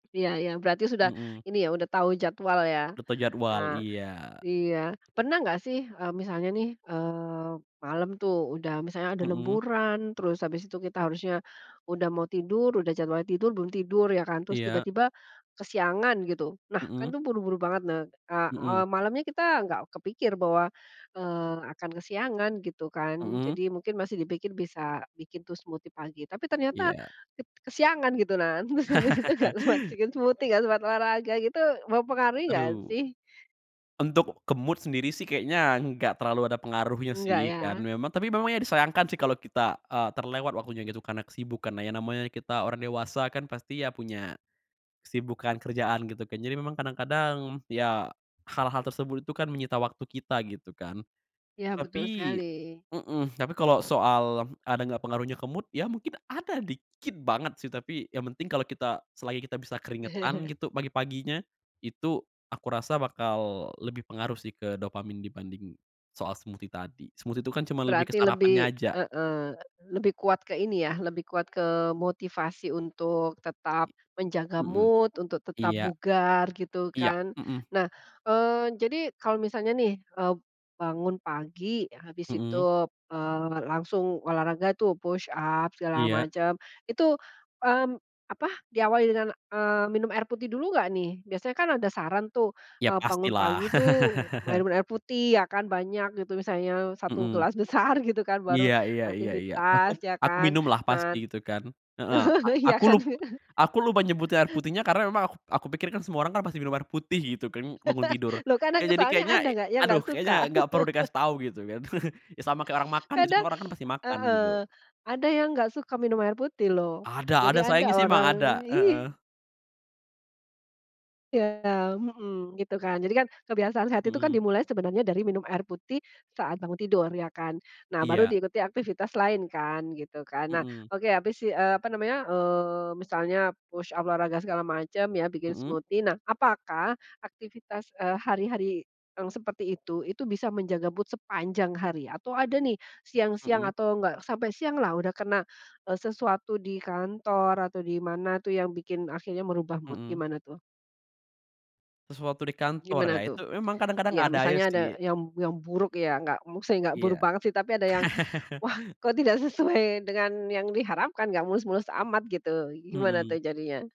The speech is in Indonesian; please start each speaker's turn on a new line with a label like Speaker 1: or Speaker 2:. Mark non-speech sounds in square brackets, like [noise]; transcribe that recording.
Speaker 1: Iya iya, berarti sudah,
Speaker 2: Mhm.
Speaker 1: ini ya, udah tahu jadwal ya?
Speaker 2: Lupa jadwal,
Speaker 1: Ah,
Speaker 2: iya.
Speaker 1: iya. Pernah enggak sih, eee, misalnya nih, eee, malam tuh udah misalnya ada
Speaker 2: Mhm.
Speaker 1: lemburan, terus habis itu kita harusnya, udah mau tidur, udah jadwalnya tidur belum tidur ya kan, terus
Speaker 2: Iya.
Speaker 1: tiba-tiba kesiangan gitu. Nah, kan
Speaker 2: Mhm.
Speaker 1: tuh buru-buru banget. Ne a
Speaker 2: Mhm.
Speaker 1: eee, malamnya kita nggak kepikir bahwa, eee, akan kesiangan gitu kan, jadi
Speaker 2: Mhm.
Speaker 1: mungkin masih dipikir bisa bikin tuh smoothie pagi, tapi ternyata
Speaker 2: Iya.
Speaker 1: ket kesiangan, gitu. Nah, terus habis itu nggak
Speaker 2: [laughs]
Speaker 1: sempat se bikin smoothie nggak sempat olahraga gitu, mempengaruhi nggak
Speaker 2: Aduh.
Speaker 1: sih?
Speaker 2: Untuk ke mood sendiri sih kayaknya enggak terlalu ada pengaruhnya
Speaker 1: Enggak
Speaker 2: sih kan
Speaker 1: ya?
Speaker 2: memang tapi memang ya disayangkan sih kalau kita, eee, terlewat waktunya gitu karena kesibukanlah. Ya namanya kita orang dewasa kan pasti ya punya, kesibukan kerjaan, gitu kan. Jadi memang kadang-kadang, ya, hal-hal tersebut itu kan menyita waktu kita, gitu kan.
Speaker 1: Iya, betul sekali.
Speaker 2: Tapi mhm, tapi kalau soal ada nggak pengaruhnya ke mood, ya mungkin ada dikit banget sih tapi yang penting kalau kita selagi kita bisa keringetan,
Speaker 1: [laughs]
Speaker 2: gitu, pagi-paginya, itu aku rasa bakal lebih pengaruh sih ke dopamin dibanding soal smoothie tadi. Smoothie itu kan cuman lebih ke
Speaker 1: Berarti
Speaker 2: sarapannya
Speaker 1: lebih
Speaker 2: aja.
Speaker 1: heeh, lebih kuat ke ini ya, lebih kuat ke motivasi untuk tetap
Speaker 2: I
Speaker 1: menjaga
Speaker 2: Mhm,
Speaker 1: mood untuk tetap
Speaker 2: iya.
Speaker 1: bugar, gitu
Speaker 2: Iya,
Speaker 1: kan.
Speaker 2: mhm.
Speaker 1: Nah, eee, jadi kalau misalnya nih, eee, bangun pagi, habis itu,
Speaker 2: Mhm.
Speaker 1: eee, langsung olahraga tuh, push up, segala
Speaker 2: Iya.
Speaker 1: macam, itu, mmm, apa, diawali dengan, eee, minum air putih dulu nggak nih? Biasanya kan ada saran tuh,
Speaker 2: Ya,
Speaker 1: eee, bangun
Speaker 2: pastilah.
Speaker 1: pagi tuh mer
Speaker 2: [laughs]
Speaker 1: minum air putih ya kan, banyak gitu misalnya e 1
Speaker 2: Mhm.
Speaker 1: gelas besar gitu kan, baru
Speaker 2: Iya iya iya iya. Aku
Speaker 1: aktivitas ya
Speaker 2: aku
Speaker 1: kan.
Speaker 2: minumlah pasti,
Speaker 1: Nah
Speaker 2: gitu kan. Heeh. A
Speaker 1: [laughs] iya
Speaker 2: aku
Speaker 1: kan?
Speaker 2: lup
Speaker 1: [laughs]
Speaker 2: aku lupa nyebutnya air putihnya karena emang aku p aku pikir kan semua orang kan pasti minum air putih, gitu kan, bangun tidur.
Speaker 1: [laughs] Loh kan
Speaker 2: Ya
Speaker 1: ng
Speaker 2: jadi
Speaker 1: soalnya
Speaker 2: kayaknya
Speaker 1: ada
Speaker 2: e
Speaker 1: nggak yang
Speaker 2: aduh
Speaker 1: nggak
Speaker 2: kayaknya
Speaker 1: suka.
Speaker 2: nggak perlu
Speaker 1: [laughs]
Speaker 2: dikasih tahu gitu kan. [chuckles] Ya, sama kayak orang
Speaker 1: [sniffs]
Speaker 2: makan, gitu,
Speaker 1: Kadang
Speaker 2: semua orang kan
Speaker 1: [sniffs]
Speaker 2: pasti makan, gitu.
Speaker 1: Heeh. Ada yang nggak suka minum air putih loh.
Speaker 2: Ada
Speaker 1: Jadi
Speaker 2: ada sayangnya
Speaker 1: ada
Speaker 2: sih emang
Speaker 1: orang
Speaker 2: ada,
Speaker 1: iy
Speaker 2: heeh.
Speaker 1: Iya, mhm, gitu kan. Jadi kan kebiasaan sehat itu kan
Speaker 2: Mhm.
Speaker 1: dimulai sebenarnya dari minum air putih saat bangun tidur ya kan? Nah, baru
Speaker 2: Iya.
Speaker 1: diikuti aktivitas lain kan, gitu kan. Nah,
Speaker 2: Mhm.
Speaker 1: oke. Habis i eee, apa namanya, eee, misalnya push up, olahraga segala macam ya, bikin
Speaker 2: Mhm.
Speaker 1: smoothie, nah, apakah aktivitas, eee, hari-hari yang seperti itu, itu bisa menjaga mood sepanjang hari? Atau ada nih siang-siang
Speaker 2: Mhm.
Speaker 1: atau, nggak sampai sianglah udah kena, eee, sesuatu di kantor atau di mana tuh yang bikin akhirnya merubah mood.
Speaker 2: Mhm.
Speaker 1: Gimana tuh?
Speaker 2: Sesuatu di kantor ya?
Speaker 1: Gimana tuh?
Speaker 2: Itu emang kadang-kadang
Speaker 1: Ya,
Speaker 2: ada aja
Speaker 1: misalnya ada
Speaker 2: sih.
Speaker 1: yang yang buruk ya, nggak, maksudnya nggak buruk
Speaker 2: Iya.
Speaker 1: banget sih tapi ada yang,
Speaker 2: [laughs]
Speaker 1: "Wah, kok tidak sesuai dengan yang diharapkan, nggak mulus-mulus amat," gitu. Gimana tuh
Speaker 2: Mhm.
Speaker 1: jadinya?